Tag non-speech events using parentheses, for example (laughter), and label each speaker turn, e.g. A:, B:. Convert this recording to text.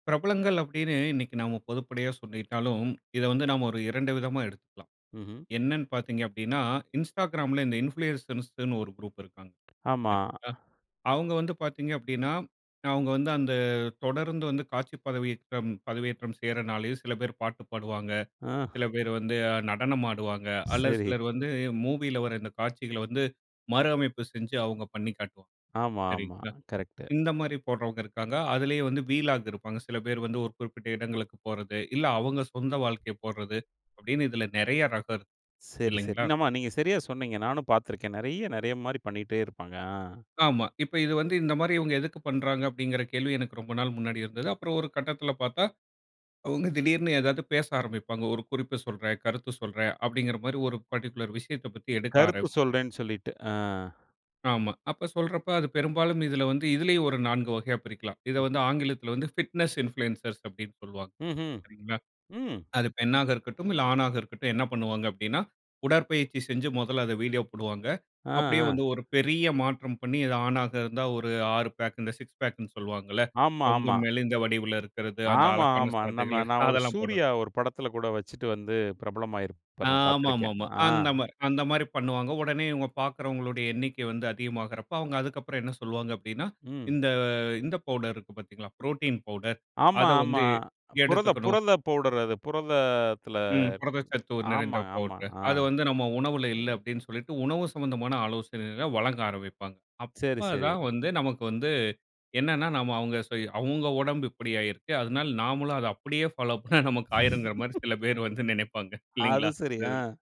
A: பிரபலங்கள் அப்டின்னு இன்னைக்கு நம்ம பொதுப்படையா சொல்லிட்டாலும் இத வந்து நம்ம ஒரு 2 விதமா எடுத்துக்கலாம்.
B: ம்ஹ்ம்.
A: என்னன்னு பாத்திங்க அப்டினா, Instagramல இந்த இன்ஃப்ளூயசர்ஸ்ன்னு ஒரு குரூப் இருக்காங்க
B: ஆமா.
A: சரிங்களா. அவங்க வந்து பாத்திங்க அப்டின்னா அவங்க வந்து அந்த தொடர்ந்து வந்து காட்சி பதவியேற்றம் பதவியேற்றம் செய்றனாலயும் சில பேர் பாட்டு பாடுவாங்க,
B: அ.
A: சில பேர் வந்து நடனம் ஆடுவாங்க, அல்லது
B: சரி.
A: சிலர் வந்து மூவியில வர இந்த காட்சிகள்ல வந்து மறு அமைப்பு செஞ்சு அவங்க பண்ணிக்காட்டு.
B: ஆமா, ஆமா.
A: சரிங்களா
B: கரெக்ட்.
A: இந்த மாரி போடறவங்க இருக்காங்க. அதிலேயே வந்து வீலாகு இருப்பாங்க. சில பேர் வந்து ஒரு குறிப்பிட்ட இடங்களுக்கு போறது, இல்ல அவங்க சொந்த வாழ்க்கை போடறது, அப்படின்னு இதுல நெறைய ரகம் இருக்கு
B: சரி. சரி.
A: இல்லைங்களா?
B: இன்னம்மா நீங்க சரியா சொன்னீங்க நானும் பாத்து இருக்கன் நெறைய நெறைய மாரி பண்ணிட்டே இருப்பாங்க. அ.
A: ஆமா. இப்ப இது வந்து இந்த மாரி இவங்க எதுக்கு பண்றாங்க அப்படிங்கிற கேள்வி எனக்கு ரொம்ப நாள் முன்னாடி இருந்தது. அப்புறம் ஒரு கட்டத்துல பாத்தா அவங்க திடீர்னு ஏதாது பேச ஆரம்பிப்பாங்க. ஒரு குறிப்பு சொல்றன், கருத்து சொல்றன் அப்டிங்கிற மாரி ஒரு பர்ட்டிகுலர் விஷயத்த பத்தி எடுக்க
B: கருத்து
A: ஆரம்பிப்பாங்க.
B: சொல்றன் சொல்லிட்டு ஆ.
A: ஆமா. அப்ப சொல்ற அப்ப அது பெரும்பாலும் இதுல வந்து இதுலயும் ஒரு 4 வகையா பிரிக்கலாம். இத வந்து ஆங்கிலத்துல வந்து பிட்னஸ் இன்ஃப்ளூயன்சர்ஸ் அப்டின்னு சொல்லுவாங்க.
B: ம்ஹ்ம்.
A: சரிங்களா,
B: ம்.
A: அது பெண்ணாக இருக்கட்டும் இல்ல, ஆணாக இருக்கட்டும் என்ன பண்ணுவாங்க அப்டின்னா, உடற்பயிற்ச்சி செஞ்சு மொதல அத வீடியோ போடுவாங்க.
B: அ.
A: அப்படியே வந்து
B: அ.
A: ஒரு பெரிய மாற்றம் பண்ணி இது ஆணாக இருந்தா ஒரு 6 பேக் இந்த 6 பேக்னு சொல்வாங்கல்ல
B: ஆமா
A: ரொம்ப
B: ஆமா.
A: மெலிந்த வடிவுல இருக்கிறது அந்த
B: ஆமா,
A: அழகான
B: ஆமா. நம்ம
A: சதைகள்
B: நான் ஒரு
A: அதெல்லாம் போடுறது
B: சூர்யா ஒரு படத்துல கூட வச்சுட்டு வந்து பிரபலமாயிருப்பார். நான் பாத்திருக்கன்.
A: ஆமாமாமா.
B: அ.
A: அந்த மாரி அந்த மாதிரி பண்ணுவாங்க. ஒடனே இவங்க பாக்கறவங்களுடைய எண்ணிக்கை வந்து அதிகமாகுற அப்ப அவங்க அதுக்கப்புறம் என்ன சொல்வாங்க அப்டினா,
B: ம்.
A: இந்த இந்த பவுடருக்கு பாத்தீங்களா புரோட்டீன் பவுடர்
B: ஆமா.
A: அத
B: ஆமா.
A: வந்து
B: புரத
A: எடுத்துக்கணும்.
B: புரத பவுடர் அது. புரதத்துல
A: ம். புரதச்சத்து நிறைந்த
B: ஆமா ஆமா
A: பவுடர்
B: ஆ.
A: அத வந்து நம்ம உணவுல இல்ல அப்டின்னு சொல்லிட்டு உணவு சம்பந்தமான ஆலோசனைகளை வழங்க ஆரம்பிப்பாங்க.
B: சரி
A: அப்ப
B: சரி.
A: தான் வந்து நமக்கு வந்து என்னென்னா நம்ம அவங்க அவங்க (unintelligible) ஒடம்பு இப்படி ஆயிருக்கு அதனால நாமளும் அத அப்படியே ஃபாலோ பண்ணா நமக்கு ஆயிருங்குற
B: (laughs)
A: மாரி சில பேர் வந்து நினைப்பாங்க
B: அது
A: இல்லைங்களா?
B: சரி
A: இந்த
B: அ.
A: இதுல